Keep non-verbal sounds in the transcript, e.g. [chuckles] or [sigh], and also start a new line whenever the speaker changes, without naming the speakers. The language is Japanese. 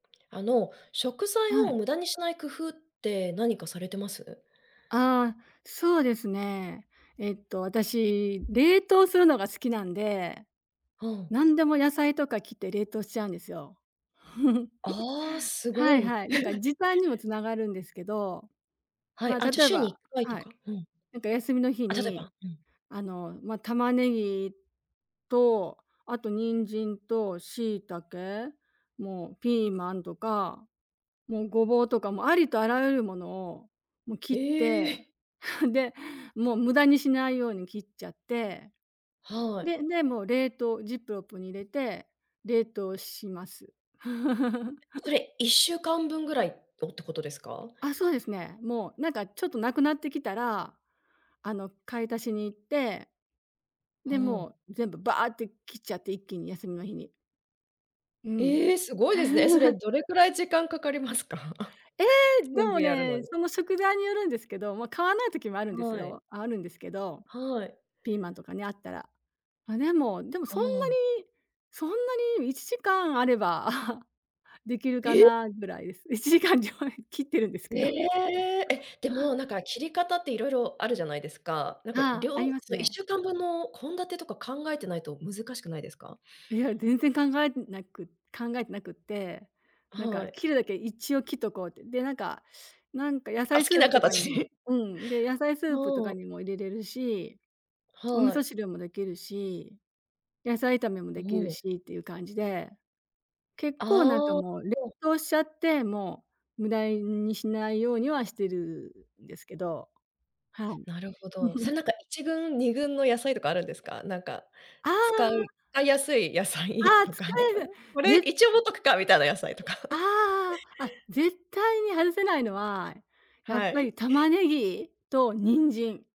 あの、食材
は
を
い。
無駄にしない工夫って何かされてます？
ああ、そうですね。えっと、あたし、冷凍するのが好きなんで。
ほん。
なんでも野菜とか切って冷凍しちゃうんですよ。[chuckles]
ああ、すご
はい
い。
はい、なんか
[chuckles]
時短にも繋がるんですけど。
は
ま
い、
あ、
あ、じゃあ
例え
週にいっ
ば。
かいと
はい。
か？うん。
なんか休みの日
あ、ちょっとやっ
に、
ぱ？うん。
あの、ま、玉ねぎ、と、あと人参と、椎茸？もうピーマンとか、もうごぼうとか、もうありとあらゆるものを、もう切
え
って、
え！
[chuckles] でもう無駄にしないように切っちゃって。
は
で、
い。
で、もう冷凍、ジップロップに入れて、冷凍します。
そ
[chuckles]
れ、１週間分ぐらい、をってことですか？
あ、そうですね。もうなんかちょっと無くなってきたら、あの買い足しに行って。
ほ
で、
お。
もう、全部バーって切っちゃって、一気に、休みの日に。うん。
ええ、すごいですね。え、それ、
[chuckles]
どれくらい時間かかりますか？
ええ！で
全
も
部やるの
ね、
に。
その食材によるんですけど、もう買わない時もあるんです
はい。
よ、あ、あるんですけど、
はい。
ピーマンとかね、あったら。あ、でも、でも
あ
そんな
あ。
に、そんなに1時間あれば、[chuckles] できるか
え？
な、ぐらいです。[chuckles] 1時間じゃ、[unintelligible] 切ってるんです
え
けど。
え！え、
[chuckles]
でも、なんか切り方っていろいろあるじゃないですか。なんか、り
ああ、あ
ょう
ります
そのいっし
ね。
ゅうかんぶんの献立とか考えてないと難しくないですか？
いや、全然考えてなく考えてなくって、なん
は
か
い。
切るだけ一応切っとこうって。で、なんかなんか野
あ、好
菜ス
き
ー
な
プとかにも
形
うん、で、野菜スープと
も
か
う。
にも入れれるし、お味
は
噌
い。
汁もできるし、野菜炒めも
お
できる
お。
しっていう感じで。結構なんか
ああ、
もう、冷
そう。
凍しちゃって、もう、無駄いにしないようにはしてるんですけど。はい。
なるほど。そ
[giggles]
れなんか、1軍、2軍の野菜とかあるんですか？なんか、
あ
使い
あ。
使いやすい野
あ
菜
あ、
と
使
か。
える。
[chuckles] これ、
ね
一応持っとくかみたいな野菜とか。
あ
[chuckles]
あ、ああ。あっ、絶対に外せないのは、やっ
は
ぱ
い。
り玉ねぎ？と人参。